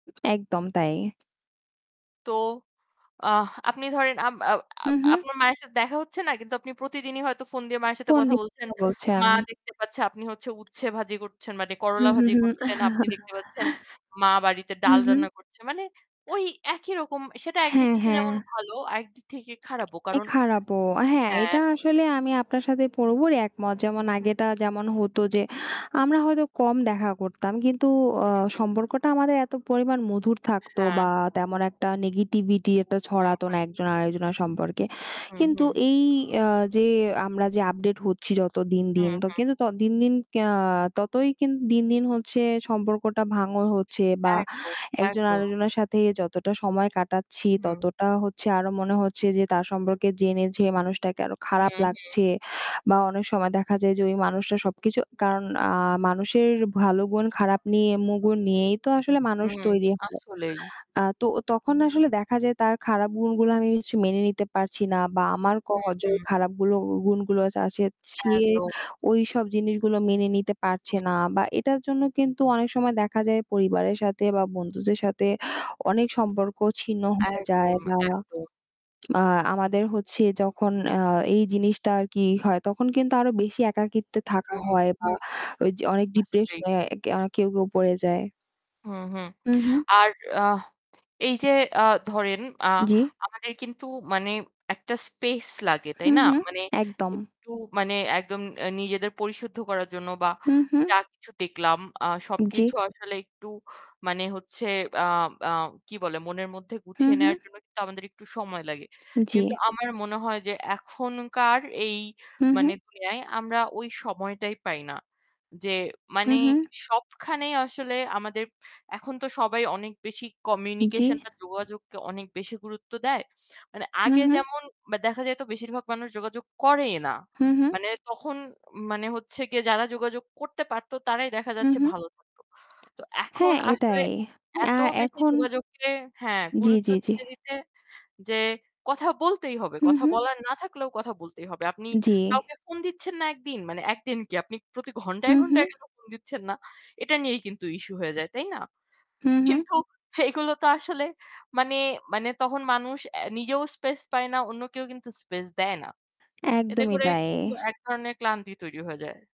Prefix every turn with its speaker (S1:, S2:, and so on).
S1: একদম তাই।
S2: তো আহ আপনি ধরেন আম আও
S1: হু,
S2: আপ
S1: হু।
S2: আপনার মায়ের সাথে দেখা হচ্ছে না কিন্তু আপনি প্রতিদিনই হয়তো ফোন দিয়ে মায়ের সাথে কথা
S1: পণ্ডিত
S2: বলছেন।
S1: কথা বলছেন।
S2: মা দেখতে পাচ্ছে আপনি হচ্ছে উচ্ছে ভাজি করছেন মানে
S1: হু,
S2: করলা
S1: হু,
S2: ভাজি
S1: হু।
S2: করছেন। আপনি দেখতে পাচ্ছেন মা বাড়িতে
S1: হু,
S2: ডাল
S1: হু।
S2: রান্না করছে। মানে ওই একই রকম সেটা একদিক
S1: হ্যাঁ,
S2: থেকে
S1: হ্যাঁ।
S2: যেমন ভালো আর একদিক থেকে খারাপও
S1: এ
S2: কারণ
S1: খারাপও হ্যাঁ এটা
S2: হ্যাঁ।
S1: আসলে আমি আপনার সাথে পুরোপুরি একমত। যেমন
S2: হু।
S1: আগেটা যেমন হতো যে আমরা হয়তো কম দেখা করতাম কিন্তু অ
S2: হু, হু।
S1: সম্পর্কটা আমাদের এত পরিমাণ মধুর থাকতো
S2: হ্যাঁ।
S1: বা তেমন একটা negativity একটা
S2: হু,
S1: ছড়াতো না
S2: হু।
S1: একজন আরেকজনার সম্পর্কে।
S2: হু,
S1: কিন্তু
S2: হু।
S1: এই অ্যা যে আমরা যে আপডেট হচ্ছি যত দিন,
S2: হু,
S1: দিন, তো
S2: হু।
S1: কিন্তু ত দিন, দিন ক্যা ততই কিন দিন, দিন হচ্ছে সম্পর্কটা ভাঙন হচ্ছে বা
S2: একদম,
S1: একজন
S2: একদম।
S1: আরেকজনের সাথে যতটা সময় কাটাচ্ছি,
S2: হুম।
S1: ততটা হচ্ছে আরো মনে হচ্ছে যে তার সম্পর্কে জেনে যে মানুষটাকে আরো
S2: হু,
S1: খারাপ
S2: হু।
S1: লাগছে। বা অনেক সময় দেখা যায় যে ওই মানুষটা সবকিছু কারণ আ মানুষের ভালো গুণ খারাপ নিয়ে মু গণ নিয়েই তো আসলে মানুষ
S2: হুম,
S1: তৈরি হয়।
S2: আসলেই।
S1: আ তো তখন আসলে দেখা যায় তার খারাপ গুণগুলো আমি হচ্ছে মেনে নিতে পারছি না বা আমার ক
S2: হু,
S1: যে
S2: হু।
S1: খারাপগুলো উ গুণগুলো আচ আছে, সে
S2: একদম।
S1: ওইসব জিনিসগুলো মেনে নিতে পারছে
S2: হুম।
S1: না। বা এটার জন্য কিন্তু অনেক সময় দেখা যায় পরিবারের সাথে বা বন্ধুদের সাথে অনেক সম্পর্ক ছিন্ন হয়ে যায়
S2: একদম,
S1: বা
S2: একদম।
S1: আ আমাদের হচ্ছে যখন আ এই জিনিসটা আর কি ই হয় তখন কিন্তু আরো বেশি একাকিত্বে থাকা
S2: হুম,
S1: হয় বা
S2: হুম
S1: ওই য অনেক
S2: আসলেই।
S1: ডিপ্রেশনে অ্যা না কেউ, কেউ পড়ে যায়।
S2: হু-হু
S1: হু, হু।
S2: আর আহ এই যে ধরেন আ
S1: জ্বি।
S2: আমাদের কিন্তু মানে একটা স্পেস লাগে
S1: হু,
S2: তাই না?
S1: হু
S2: মানে
S1: একদম।
S2: একটু মানে একদম অ্যা নি নিজেদের পরিশুদ্ধ করার জন্য বা
S1: হু, হু।
S2: যা কিছু দেখলাম আহ
S1: উম জ্বি।
S2: সবকিছু আসলে একটু মানে হচ্ছে আ আ কি বলে মনের মধ্যে
S1: হু,
S2: গুছিয়ে
S1: হু।
S2: নেওয়ার জন্য কিন্তু আমাদের একটু সময় লাগে।
S1: জ্বী।
S2: কিন্তু আমার মনে হয় যে এখনকার এই
S1: হু, হু।
S2: মানে দুনিয়ায় আমরা ওই সময়টাই পাই না। যে
S1: হু,
S2: মানে
S1: হু।
S2: সবখানেই আসলে আমাদের এখন তো সবাই অনেক বেশি
S1: জ্বি।
S2: communication বা যোগাযোগকে অনেক বেশি গুরুত্ব দেয়। মানে
S1: হু,
S2: আগে
S1: হু।
S2: যেমন বা দেখা যায়তো বেশিরভাগ মানুষ যোগাযোগ করেই না।
S1: হু, হু।
S2: মানে তখন মানে হচ্ছে যে যারা যোগাযোগ করতে পারতো তারাই দেখা
S1: হু,
S2: যাচ্ছে
S1: হু।
S2: ভালো থাকতো। তো এখন
S1: হ্যাঁ,
S2: আসলে
S1: এটাই।
S2: অ্যা এত
S1: আর
S2: বেশি
S1: এখন
S2: যোগাযোগকে হ্যাঁ
S1: জ্বি,
S2: গুরুত্ব
S1: জ্বি, জ্বি।
S2: দিতে, দিতে যে কথা বলতেই হবে।
S1: হু,
S2: কথা
S1: হু।
S2: বলার না থাকলেও কথা বলতেই হবে। আপনি
S1: জ্বি।
S2: কাউকে ফোন দিচ্ছেন না একদিন, মানে ১ দিন কি আপনি প্রতি
S1: হু,
S2: ঘন্টায়,
S1: হু।
S2: ঘন্টায় কেন ফোন দিচ্ছেন না? এটা নিয়েই কিন্তু ইস্যু হয়ে যায়, তাই না?
S1: হু, হু।
S2: কিন্তু এগুলো তো আসলে মানে মানে তখন মানুষ অ্যা নিজেও স্পেস পায় না, অন্যকেউ কিন্তু স্পেস দেয় না। এতে
S1: একদমই
S2: করে
S1: তাই।
S2: একটু এক ধরনের ক্লান্তি তৈরি হয়ে যায়।